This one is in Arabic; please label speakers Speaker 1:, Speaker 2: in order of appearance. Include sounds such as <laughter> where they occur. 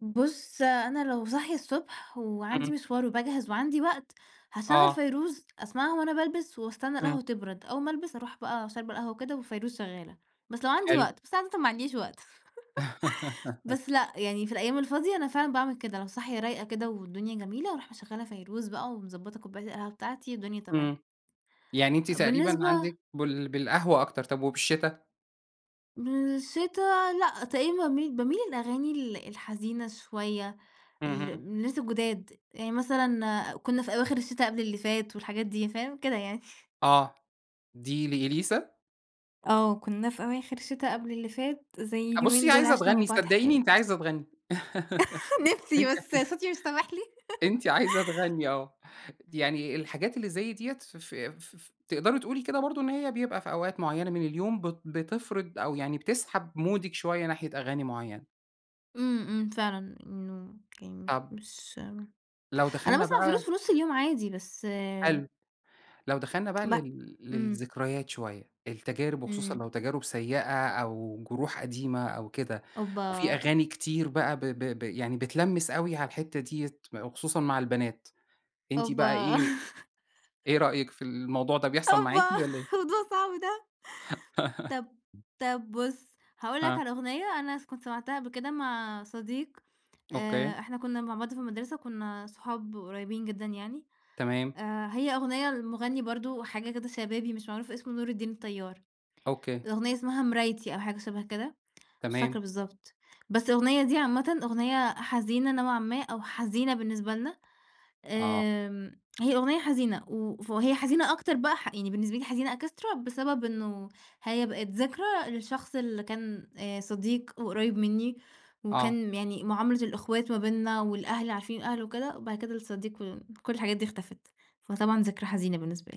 Speaker 1: بُصّ أنا لو صاحية الصبح وعندي
Speaker 2: امم.
Speaker 1: مشوار وباجهز وعندي وقت، هاشغّل
Speaker 2: آه.
Speaker 1: فيروز أسمعها وأنا بالبِس وأستنى
Speaker 2: امم.
Speaker 1: القهوة تبرد، أوّل ما ألبِس أروح بقى شاربة القهوة وكده وفيروز شغّالة، بس لو عندي
Speaker 2: حلو.
Speaker 1: وقت، بس عادةً ما عنديش وقت، <chuckles> بس
Speaker 2: <chuckles>
Speaker 1: لأ يعني في الأيام الفاضية، أنا فعلًا باعمل كده لو صاحية رايقة كده، والدنيا جميلة، أرُوح مشغّلة فيروز بقى ومضبطة كوباية القهوة بتاعتي، والدنيا تمام.
Speaker 2: امم، يعني أنتِ تقريبًا
Speaker 1: بالنسبة
Speaker 2: عندِك بال بالقهوة أكتر طَب وبالشتا؟
Speaker 1: بالشتا، لأ، تقريبًا باميل باميل للأغاني ال الحزينة شويّة، ال
Speaker 2: اهم.
Speaker 1: الناس الجُداد، يعني مثلًا كُنّا في أواخر الشتا قبل اللي فات والحاجات دي، فاهم كده يعني.
Speaker 2: آه، دي لإليسا؟
Speaker 1: آه كنا في أواخر الشتا قبل اللي فات، زي
Speaker 2: آه
Speaker 1: اليومين
Speaker 2: بُصّي
Speaker 1: دول
Speaker 2: عايزة
Speaker 1: عِشنا مع
Speaker 2: تغني
Speaker 1: بعض
Speaker 2: صدقيني
Speaker 1: حكايات.
Speaker 2: أنتِ عايزة تغني.
Speaker 1: <chuckles> نفسي
Speaker 2: <chuckles> أنتِ
Speaker 1: بس
Speaker 2: ع
Speaker 1: صوتي مش سامح لي.
Speaker 2: أنتِ عايزة تغني آه، يعني الحاجات اللي زي ديّة ف ف ف ف تقدري تقولي كده برضه إن هي بيبقى في أوقات معيّنة من اليوم بت بتفرِض أو يعني بتسحب مُودِك شويّة ناحية أغاني معيّنة.
Speaker 1: امم، امم فعلًا إنه يعني مش
Speaker 2: طَب
Speaker 1: مش
Speaker 2: لو
Speaker 1: أنا
Speaker 2: دخلنا
Speaker 1: باسمع فيروز
Speaker 2: بقى
Speaker 1: في نُصّ اليوم عادي، بس
Speaker 2: حلو، لو دخلنا بقى
Speaker 1: باق
Speaker 2: لل
Speaker 1: امم.
Speaker 2: للذكريات شوية، التجارب وخصوصًا
Speaker 1: امم.
Speaker 2: لو تجارب سيئة، أو جروح قديمة أو كده، وفي
Speaker 1: أوبّا!
Speaker 2: أغاني كتير بقى ب ب ب يعني بتلمّس أوي على الحتّة ديَّة وخصوصًا مع البنات، أنتِ بقى
Speaker 1: أوبّا!
Speaker 2: إيه،
Speaker 1: <chuckles>
Speaker 2: إيه رأيِِك في الموضوع ده، بيحصل معاكِ
Speaker 1: أوبّا،
Speaker 2: والَّا إيه؟
Speaker 1: موضوع صعب ده. طَب، طَب بُصّ، هاقول لك
Speaker 2: ها.
Speaker 1: على أغنية أنا كُنت سمعتها قبل كده مع صديق،
Speaker 2: أوكي.
Speaker 1: آآ، إحنا كنا مع بعض في المدرسة، وكنا صحاب قريبين جدًا يعني،
Speaker 2: تمام.
Speaker 1: آآ، هي أغنية لمُغنّي برضه حاجة كده شبابي مش معروف اسمه نور الدين الطيار،
Speaker 2: أوكي.
Speaker 1: الأغنية اسمها مرايتي أو حاجة شبه كده، مش
Speaker 2: تمام.
Speaker 1: فاكرة بالضبط، بس الأغنية دي عامةً أغنية حزينة نوعًا ما أو حزينة بالنسبة لنا،
Speaker 2: آه.
Speaker 1: آمم، هي أغنية حزينة و وهي حزينة أكتر بقى ح يعني بالنسبة لي حزينة Extra بسبب إنّه، هي بقِت ذكرى لشخص اللي كان آآ، صديق وقريب مِنّي،
Speaker 2: آه.
Speaker 1: وكان يعني معاملة الإخوات ما بيننا والأهل عارفين الأهل وكده، وبعد كده الصديق و كُلّ الحاجات دي اختفت، فطبعًا ذكرى حزينة بالنسبة لي.